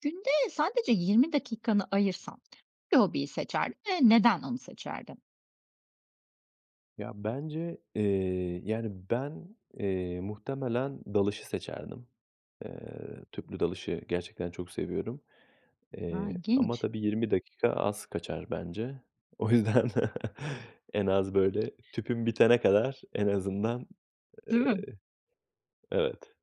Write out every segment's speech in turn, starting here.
Günde sadece 20 dakikanı ayırsan hangi hobiyi seçerdin ve neden onu seçerdin? Ya bence, eee, yani ben, eee, muhtemelen dalışı seçerdim. Eee, tüplü dalışı gerçekten çok seviyorum, A! eee, ama İlginç. tabii 20 dakika az kaçar bence. O yüzden en az böyle tüpüm bitene kadar en azından, Değil ııı, mi? evet.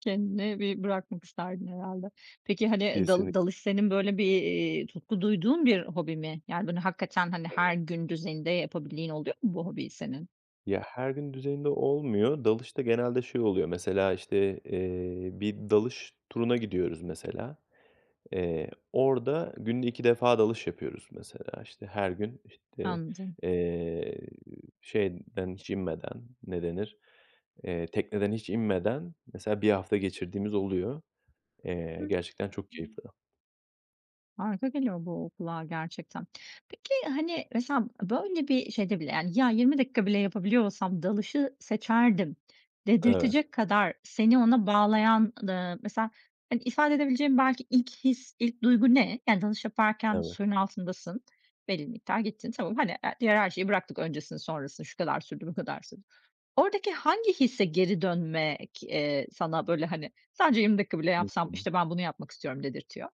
Kendini bir bırakmak isterdin herhalde. Peki, hani, Kesinlik dal dalış senin böyle bir, iii, tutku duyduğun bir hobi mi? Yani, böyle, hakikaten hani her [unintelligible] gün düzeyinde yapabildiğin oluyor mu bu hobiyi senin? Ya, her gün düzeyinde olmuyor dalışta genelde şey oluyor, mesela, işte, eee, bir dalış turuna gidiyoruz mesela, eee, orada günde 2 defa dalış yapıyoruz mesela; işte her gün, Anladım. eee, şeyden hiç inmeden, ne denir, eee, tekneden hiç inmeden, mesela, 1 hafta geçirdiğimiz oluyor. Eee, gerçekten çok keyif [unintelligible] veriyor. Harika geliyor bu kulağa gerçekten. Peki, hani, mesela böyle bir şeyde bile, yani, ya, 20 dakika bile yapabiliyor olsam dalışı seçerdim Evet. dedirtecek kadar seni ona bağlayan, ııı, mesela, hani, ifade edebileceğin belki ilk his, ilk duygu ne? Yani, dalış yaparken Evet. suyun altındasın, belli miktar gittin. Tamam, hani, diğer her şeyi bıraktık, öncesini sonrasını, şu kadar sürdü, bu kadar sürdü. Oradaki hangi hisse geri dönmek, eee, sana böyle, hani, sadece 20 dakika bile Hı yapsam hı. işte ben bunu yapmak istiyorum dedirtiyor?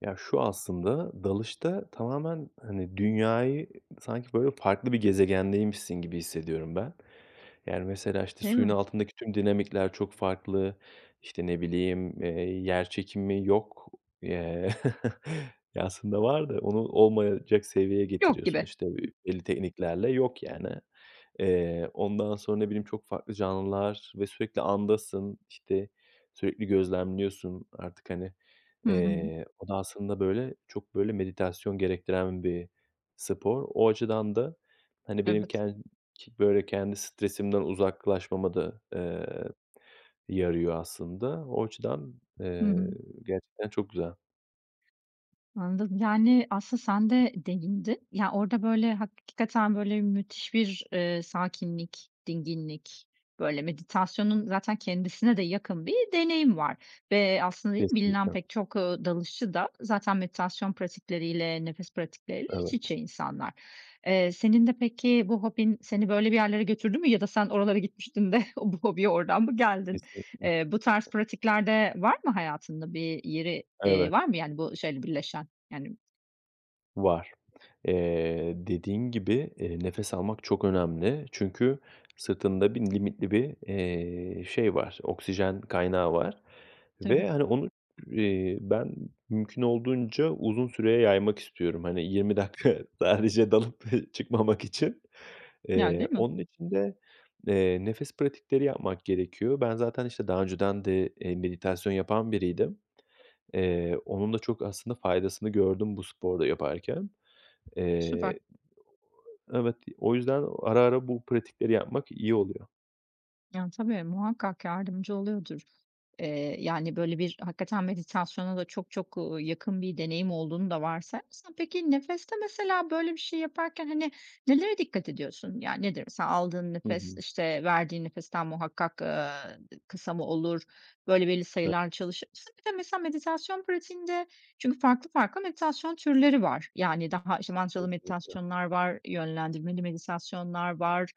Ya, şu aslında dalışta tamamen, hani, dünyayı ı sanki böyle farklı bir gezegendeymişsin gibi hissediyorum ben. Yani, mesela, işte, Değil suyun mi? altındaki tüm dinamikler çok farklı, işte, ne bileyim, eee, yerçekimi yok. Ye ya, aslında var da, onu olmayacak seviyeye Yok getiriyorsun. gibi. İşte, ö belli tekniklerle yok, yani. Eee, ondan sonra ne bileyim çok farklı canlılar ve sürekli andasın, işte, sürekli gözlemliyorsun artık. Hani, artık, Hı hı. eee, o da aslında böyle, çok böyle meditasyon gerektiren bir spor. O açıdan da hani, benim Evet. kendi böyle kendi stresimden uzaklaşmama da, eee, yarıyor aslında. O açıdan, Hı eee, hı. gerçekten çok güzel. Anladım. Yani, aslında sen de değindin. Ya, orada, böyle, hakikaten böyle müthiş bir, eee, sakinlik, dinginlik, böyle, meditasyonun zaten kendisine de yakın bir deneyim var. Ve aslında değil mi, bilinen Kesinlikle. pek çok, ııı, dalışçı da zaten meditasyon pratikleriyle, nefes pratikleriyle Evet. iç içe insanlar. Eee, senin de peki bu hobin seni böyle bir yerlere götürdü mü ya da sen oralara gitmiştin de o bu hobiye oradan mı geldin? Kesinlikle. Eee, bu tarz pratikler de var mı hayatında bir yeri, eee, Evet. var mı yani bu şeyle birleşen? Yani Var. Eee, dediğin gibi, eee, nefes almak çok önemli. Çünkü sırtında bir limitli bir, eee, şey var, oksijen kaynağı var Tabii. ve, hani, onu ü eee, ben mümkün olduğunca uzun süreye yaymak istiyorum. Hani, 20 dakika sadece dalıp çıkmamak için. Yani, Eee, değil mi? onun için de, eee, nefes pratikleri yapmak gerekiyor. Ben zaten, işte, daha önceden de, eee, meditasyon yapan biriydim. Eee, onun da çok aslında faydasını gördüm bu sporu da yaparken. Eee Süper. Evet, o yüzden o ara ara bu pratikleri yapmak iyi oluyor. Yani tabii, muhakkak yardımcı oluyordur. Iıı, yani, böyle, bir hakikaten meditasyona da çok çok, ııı, yakın bir deneyim olduğunu da varsayarsan. Peki nefeste mesela böyle bir şey yaparken, hani, nelere dikkat ediyorsun? Ya, nedir mesela aldığın Hı nefes, hı. işte, verdiğin nefesten muhakkak, ııı, d kısa mı olur? Böyle, belli E sayılarla çalışır mısın? Bir de mesela meditasyon pratiğinde çünkü farklı farklı meditasyon türleri var yani daha, işte, mantralı Kesinlikle. meditasyonlar var, yönlendirmeli meditasyonlar var,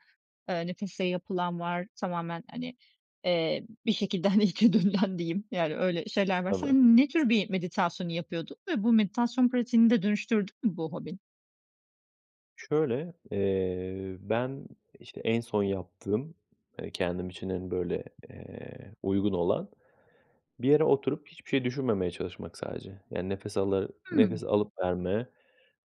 eee, nefesle yapılan var, tamamen, hani, ııı, bir şekilde, hani, içe dönülen diyeyim yani öyle şeyler var. Evet. Sen ne tür bir meditasyonu yapıyordun ve bu meditasyon pratiğini de dönüştürdü mü bu hobin? Şöyle: Eee, ben, işte, en son yaptığım, ııı, kendim için, hani, böyle, eee, uygun olan bir yere oturup hiçbir şey düşünmemeye çalışmak sadece. Yani nefes alı Hıı. nefes alıp verme,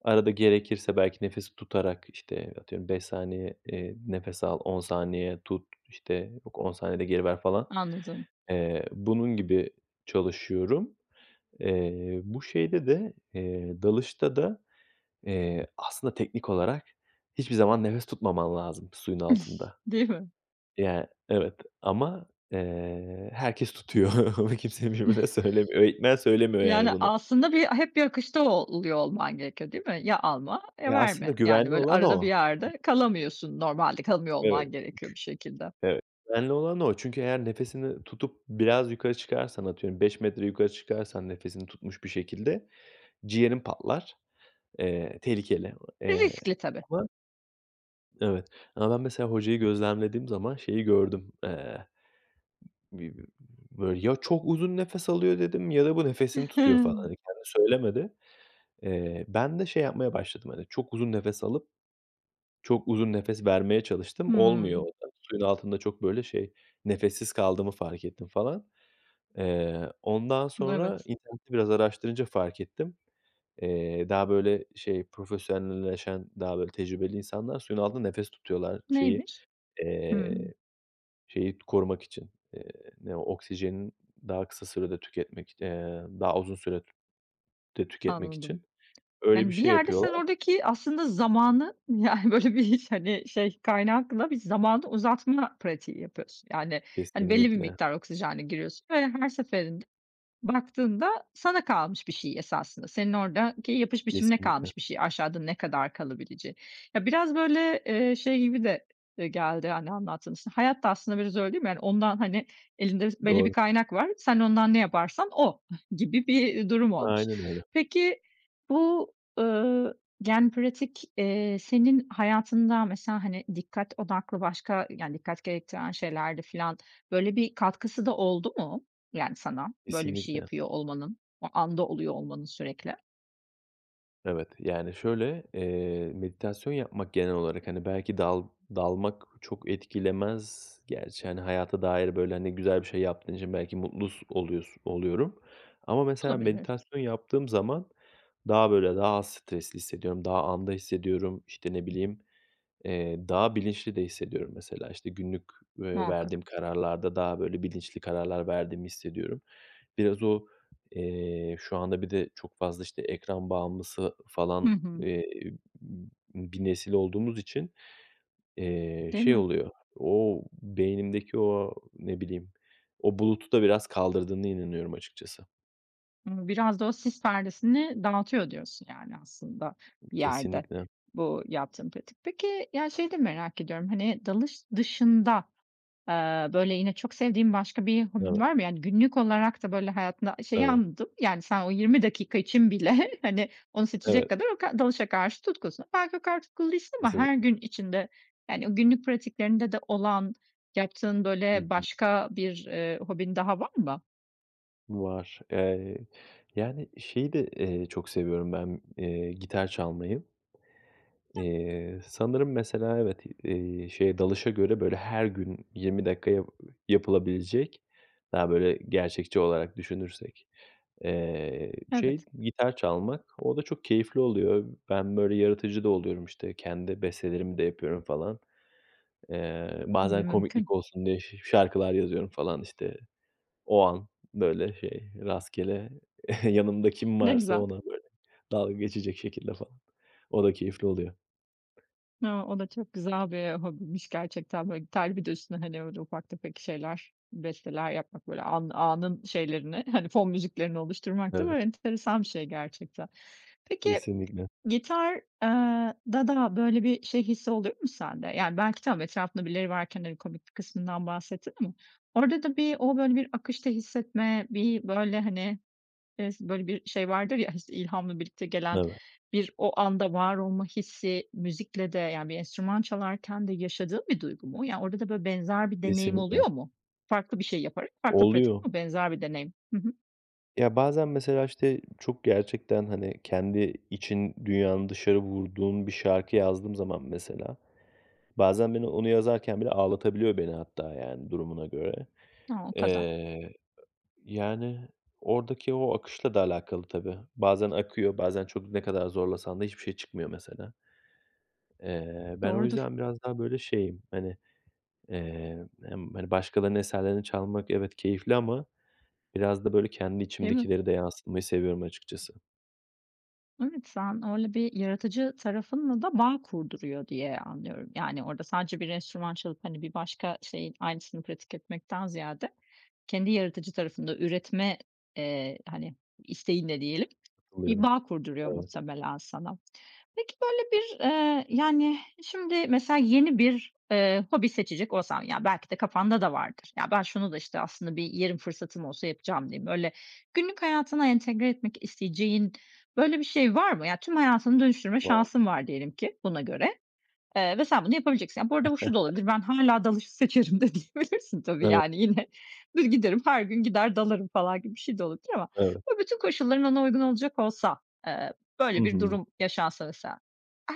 arada gerekirse belki nefes tutarak, işte, atıyorum 5 saniye, eee, nefes al, 10 saniye tut, işte, yok 10 saniyede geri ver falan, Anladım. eee, bunun gibi çalışıyorum. Eee, bu şeyde de, eee, dalışta da, eee, aslında teknik olarak hiçbir zaman nefes tutmaman lazım suyun altında. Değil mi? Yani, evet. Ama, eee, herkes tutuyor, kimse birbirine söylemiyor, eğitmen söylemiyor yani Yani bunu. aslında bir hep bir akışta o o oluyor olman gerekiyor, değil mi? Ya alma ya Ya, aslında verme. Yani güvenli böyle olan arada bir o. yerde kalamıyorsun normalde, kalmıyor Evet, olman gerekiyor bir şekilde. gü evet, güvenli olan o. Çünkü eğer nefesini tutup biraz yukarı çıkarsan, atıyorum 5 metre yukarı çıkarsan nefesini tutmuş bir şekilde ciğerin patlar. Eee, tehlikeli, E, eee, riskli tabii. ama Evet. Ama ben mesela hocayı gözlemlediğim zaman şeyi gördüm, eee, b b b böyle, "Ya çok uzun nefes alıyor dedim ya da bu nefesini tutuyor." falan hani. Kendi söylemedi. Eee, ben de şey yapmaya başladım, hani, çok uzun nefes alıp çok uzun nefes vermeye çalıştım. Olmuyor o Hımm. da. Suyun altında çok, böyle, şey, nefessiz kaldığımı fark ettim falan. Eee, ondan sonra Evet. internette biraz araştırınca fark ettim. Eee, daha, böyle, şey profesyonelleşen, daha böyle tecrübeli insanlar, suyun altında nefes tutuyorlar şeyi, Neymiş? Hıı. eee, şeyi korumak için, ııı, ne o? Oksijeni daha kısa sürede tüketmek ııı, daha uzun süre de tüketmek Anladım. için öyle bir Yani bir şey yerde sen yapıyorlar. oradaki aslında zamanı, yani, böyle, bir hiç hani, şey kaynakla bir zamanı uzatma pratiği yapıyorsun yani. Hani, belli bir Kesinlikle. miktar oksijenle giriyorsun ve her seferinde baktığında sana kalmış bir şey esasında. Senin oradaki yapış biçimine Kesinlikle. kalmış bir şey aşağıda ne kadar kalabileceği. Ya, biraz, böyle, ııı, şey gibi de, ııı, geldi, hani, anlattığın, işte, hayat da aslında biraz öyle değil mi? Yani ondan, hani, elinde biz belli bir Doğru. kaynak var. Sen ondan ne yaparsan o gibi bir durum olmuş. Aynen öyle. Peki bu, ııı, yani, pratik, eee, senin hayatında mesela, hani, dikkat odaklı başka yani dikkat gerektiren şeylerde filan, böyle, bir katkısı da oldu mu yani sana böyle bir şey Kesinlikle. yapıyor olmanın, o anda oluyor olmanın sürekli? Evet, yani şöyle, eee, meditasyon yapmak genel olarak, hani, belki dal dalmak çok etkilemez gerçi. Hani hayata dair böyle, hani, güzel bir şey yaptığın için belki mutlus oluyos oluyorum ama mesela Olabilir. meditasyon yaptığım zaman daha böyle, daha az stresli hissediyorum, daha anda hissediyorum; işte, ne bileyim, eee, daha bilinçli de hissediyorum. Mesela, işte, günlük, eee, Muhakkak. verdiğim kararlarda daha böyle bilinçli kararlar verdiğimi hissediyorum. Biraz o, eee şu anda bir de çok fazla, işte, ekran bağımlısı Hı falan, hı. eee, b bir nesil olduğumuz için, eee, Değil şey mi? oluyor; o, beynimdeki o, ne bileyim, o bulutu da biraz kaldırdığına inanıyorum açıkçası. Hımm, biraz da o sis perdesini dağıtıyor diyorsun; yani, aslında bir yerde Kesinlikle. bu yaptığın pratik. Peki, ya şeyi de merak ediyorum, hani, dalış dışında, aaa, böyle yine çok sevdiğim başka bir hobin Evet. var mı? Yani, günlük olarak da böyle hayatında a şeyi Evet. anladım, yani, sen o 20 dakika için bile, hani, onu seçecek Evet. kadar o kad dalışa karşı tutkusun. Belki o kadar tutkulu değilsin ama her Kesinlikle. gün içinde, yani günlük pratiklerinde de olan, yaptığın Hı böyle hı. başka bir, ııı, hobin daha var mı? Var, eee, yani, şeyi de, eee, çok seviyorum ben, eee, gitar çalmayı. Eee, sanırım mesela evet, eee, şeye dalışa göre böyle her gün 20 dakikaya yapılabilecek, daha böyle gerçekçi olarak düşünürsek, eee, şey Evet. gitar çalmak, o da çok keyifli oluyor. Ben böyle yaratıcı da oluyorum, işte, kendi bestelerimi de yapıyorum falan. Eee, bazen komiklik Mümkün. olsun diye ş şarkılar yazıyorum falan, işte, o an böyle şey rastgele yanımda kim Ne varsa güzel. ona böyle dalga geçecek şekilde falan, o da keyifli oluyor. He, o da çok güzel bir hobiymiş gerçekten. Böyle gitarla bir de üstüne, hani, öyle ufak tefek şeyler, besteler yapmak böyle an anın şeylerini hani fon müziklerini oluşturmak Evet. da enteresan bir şey gerçekten. Peki Kesinlikle. gitar eee, da da böyle bir şey hissi oluyor mu sende? Yani belki tamam etrafında birileri varken hani komiklik kısmından bahsettin. Ama orada da bir o böyle bir akışta hissetme bir böyle hani, eee, si böyle bir şey vardır ya, işte, ilhamla birlikte gelen Evet. bir o anda var olma hissi müzikle de yani bir enstrüman çalarken de yaşadığın bir duygu mu? Yani orada da böyle benzer bir deneyim Kesinlikle. oluyor mu? Farklı bir şey yaparak farklı pratik Oluyor. ama benzer bir deneyim. Hı hı. Ya, bazen mesela, işte, çok gerçekten hani kendi için dünyanın dışarı vurduğun bir şarkı yazdığım zaman mesela bazen beni onu yazarken bile ağlatabiliyor beni hatta, yani, durumuna göre. Ha, o kadar. Eee, yani oradaki o akışla da alakalı tabii bazen akıyor, bazen çok ne kadar zorlasan da hiçbir şey çıkmıyor mesela. Eee, ben o Doğrudur. yüzden biraz daha böyle şeyim hani, eee, emm, hani, başkalarının eserlerini çalmak evet, keyifli ama biraz da böyle kendi Değil mi? içimdekileri de yansıtmayı seviyorum açıkçası. Evet, sen öyle bir yaratıcı tarafınla da bağ kurduruyor diye anlıyorum. Yani, orada sadece bir enstrüman çalıp, hani, bir başka şeyin aynısını pratik etmekten ziyade, kendi yaratıcı tarafında üretme, eee, hani, isteğinle diyelim bir Oluyorum, bağ kurduruyor evet. muhtemelen sana. Peki, böyle, bir, eee, yani, eee, şimdi mesela yeni bir, eee, hobi seçecek olsan ya belki de kafanda da vardır. Ya, "Ben şunu da, işte, aslında bir yerim fırsatım olsa yapacağım." diye. Böyle, günlük hayatına entegre etmek isteyeceğin böyle bir şey var mı? Ya, tüm hayatını dönüştürme Var. şansın var diyelim ki buna göre, eee, ve sen bunu yapabileceksin. Bu arada bu şu da olabilir: "Ben hâlâ dalışı seçerim." de diyebilirsin tabii Evet. yani. Yine bir, "Giderim, her gün gider dalarım." falan gibi bir şey de olabilir ama Evet. bu bütün koşulların ona uygun olacak olsa, eee, Hı böyle bir hı. durum yaşansa mesela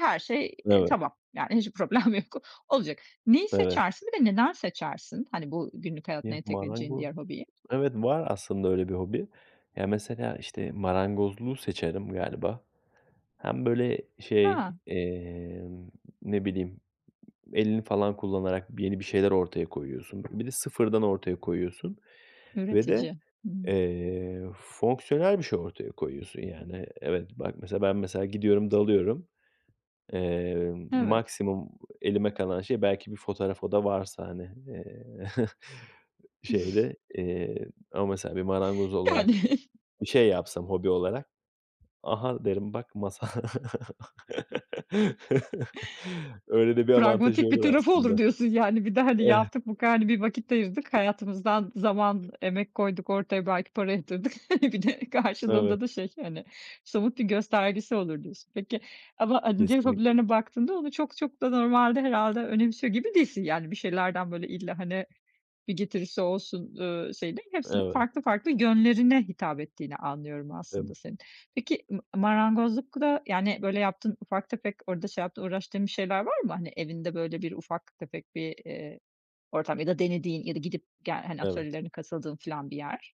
her şey, eee, Evet. tamam. Yani, hiçbir problem yok. Olacak. Neyi Evet. seçersin ve neden seçersin? Hani, bu günlük hayatına Ya, entegre edeceğini marango diğer hobiyi? Evet, var aslında öyle bir hobi. Ya, mesela, işte, marangozluğu seçerim galiba. Hem, böyle, şey, Ha! eee, ne bileyim, elini falan kullanarak b yeni bir şeyler ortaya koyuyorsun. Bir de sıfırdan ortaya koyuyorsun ve de, Üretici. Hıı. eee, fonksiyonel bir şey ortaya koyuyorsun, yani, evet bak, mesela, ben, mesela, gidiyorum dalıyorum, eee, Evet. maksimum elime kalan şey belki bir fotoğraf, o da varsa, hani. Eee, şeyde, eee, ama mesela bir marangoz olarak Yani. bir şey yapsam, hobi olarak, "Aha!" derim "Bak masa!" Öyle de bir avantajı "Pragmatik bir olur tarafı olur." aslında. diyorsun. Yani bir de, hani, "Yaptık bu kadar, hani, bir vakit ayırdık. Hayatımızdan zaman emek koyduk ortaya, belki para yatırdık. Bir de Evet. karşılığında da şey, hani, somut bir göstergesi olur." diyorsun. Peki, ama, ııı, diğer Kesinlikle. hobilerine baktığında onu çok çok da normalde herhâlde önemsiyor gibi değilsin. Yani, bir şeylerden, böyle, "İlla, hani, bir getirisi olsun." eee, şeyi değil hepsinin Evet. farklı farklı yönlerine hitap ettiğini anlıyorum Tab aslında senin. Peki mı marangozlukta, yani, böyle, yaptığın ufak tefek orada şey yaptığın uğraştığın bir şeyler var mı? Hani, evinde, böyle, bir ufak tefek bir, eee, ortam ya da denediğin ya da gidip gel hani, Evet. atölyelerine katıldığın falan bir yer?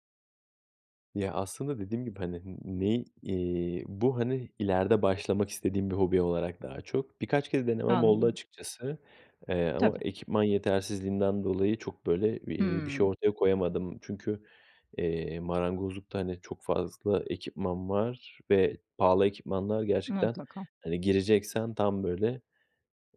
Ya, aslında dediğim gibi, hani, n ney, eee, bu, hani, ileride başlamak istediğim bir hobi olarak daha çok Birkaç kere denemem oldu Anladım. açıkçası, eee, ama Tabii. ekipman yetersizliğinden dolayı çok, böyle, iii, bir şey Hıı. ortaya koyamadım çünkü, eee, marangozlukta, hani, çok fazla ekipman var ve pahalı ekipmanlar gerçekten. Mutlaka. Hani, gireceksen tam, böyle,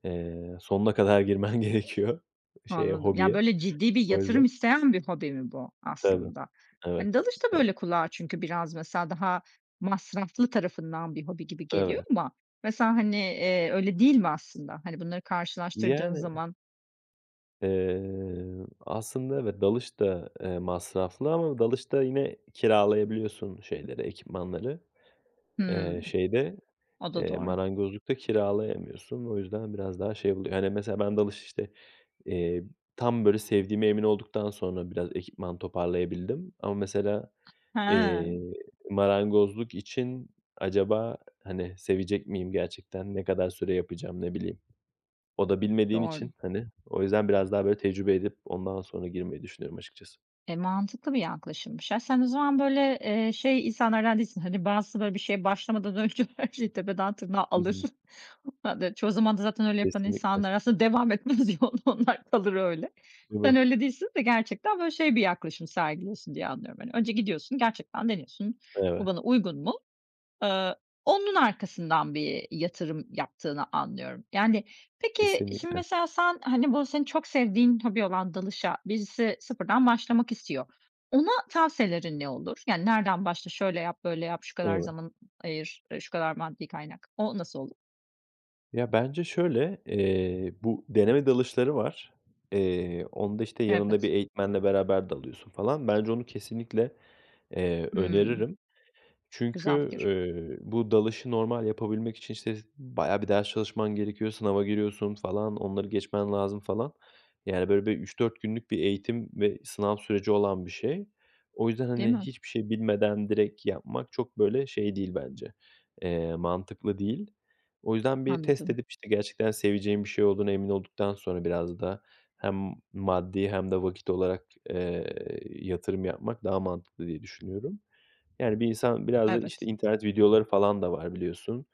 eee, sonuna kadar girmen gerekiyor şeye, Anladım. Ya, hobiye. böyle, ciddi bir Öyle. yatırım isteyen bir hobi mi bu Tabii. aslında? Evet, Hani, dalış da, evet. böyle, kulağa çünkü biraz mesela daha masraflı tarafından bir hobi gibi geliyor Evet. ama. Mesela, hani, eee, öyle değil mi aslında? Hani, bunları karşılaştırdığın Yani zaman? Eee, aslında, evet, dalış da, eee, masraflı ama dalışta yine kiralayabiliyorsun şeyleri, ekipmanları. Eee, Hımm. şeyde, O da eee, doğru. marangozlukta kiralayamıyorsun ve o yüzden biraz daha şey oluyor. Hani, mesela ben dalış, işte, eee, tam, böyle, sevdiğime emin olduktan sonra biraz ekipman toparlayabildim ama mesela, eee, He. marangozluk için acaba, hani, sevecek miyim gerçekten? Ne kadar süre yapacağım? Ne bileyim. O da bilmediğin Doğru. için, hani, o yüzden biraz daha, böyle, tecrübe edip ondan sonra girmeyi düşünüyorum açıkçası. Eee, mantıklı bir yaklaşımmış. Ya, sen o zaman, böyle, eee, şey insanlardan değilsin, hani, bazısı, böyle, bir şeye başlamadan önce her şeyi tepeden tırnağa Hı alır. hı. [unintelligible] Çoğu zaman da zaten öyle yapan Kesinlikle. insanlar aslında devam etmez ya o onlar kalır öyle. Sen [unintelligible] öyle değilsin ve gerçekten, böyle, şey bir yaklaşım sergiliyorsun diye anlıyorum: Hani, önce gidiyorsun, gerçekten deniyorsun, Eve "Bu bana uygun mu?" Eee, onun arkasından bir yatırım yaptığını anlıyorum, yani. Peki şimdi Kesinlikle. mesela sen, hani, bu senin çok sevdiğin hobi olan dalışa birisi sıfırdan başlamak istiyor. Ona tavsiyelerin ne olur? Yani, nereden başla "Şöyle yap, böyle yap, şu kadar Evet. zaman, eee, ayır, eee, şu kadar maddi kaynak." O nasıl olu Ya, bence şöyle. İii, bu deneme dalışları var. İii, onda, işte, yanında Evet. bir eğitmenle beraber dalıyorsun falan. Bence onu kesinlikle, eee, Hımm. öneririm. Çünkü, Güzel fikir. ııı, bu dalışı normal yapabilmek için işte, bayağı bir ders çalışman gerekiyor, sınava giriyorsun, falan, onları geçmen lazım, falan. Yani, böyle, bir 3-4 günlük bir eğitim ve sınav süreci olan bir şey. O yüzden, Değil hani, mi? hiçbir şey bilmeden direkt yapmak çok, böyle, şey değil bence, eee, mantıklı değil. O yüzden bir test Anladım. edip işte gerçekten seveceğim bir şey olduğuna emin olduktan sonra biraz da hem maddi hem de vakit olarak, ııı, yatırım yapmak daha mantıklı diye düşünüyorum. Yani, bir insan biraz da işte Evet. internet videoları falan da var biliyorsun.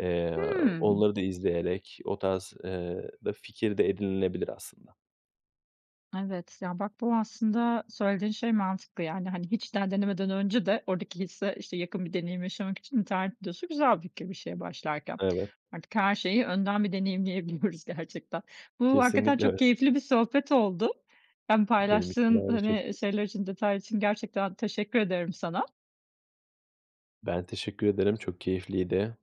Eee, Hımm. onları da izleyerek o tarz, ııı, da fikir de edinilebilir aslında. Evet. Ya, bak, bu aslında söylediğin şey mantıklı yani. Hani, hiç daha denemeden önce de oradaki hisse, işte, yakın bir deneyim yaşamak için internet videosu güzel bir fikir bir şeye başlarken. Evet. Artık her şeyi önden bir deneyimleyebiliyoruz gerçekten. Bu hakikaten Kesinlikle öyle. çok keyifli bir sohbet oldu. Ben Benim için de paylaştığın, aynı hani, şekil şeyler için detaylar için gerçekten teşekkür ederim sana. Ben teşekkür ederim, çok keyifliydi.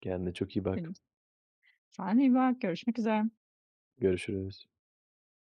Kendine çok iyi bak. [unintelligible] Sen de iyi bak. Görüşmek üzere. Görüşürüz.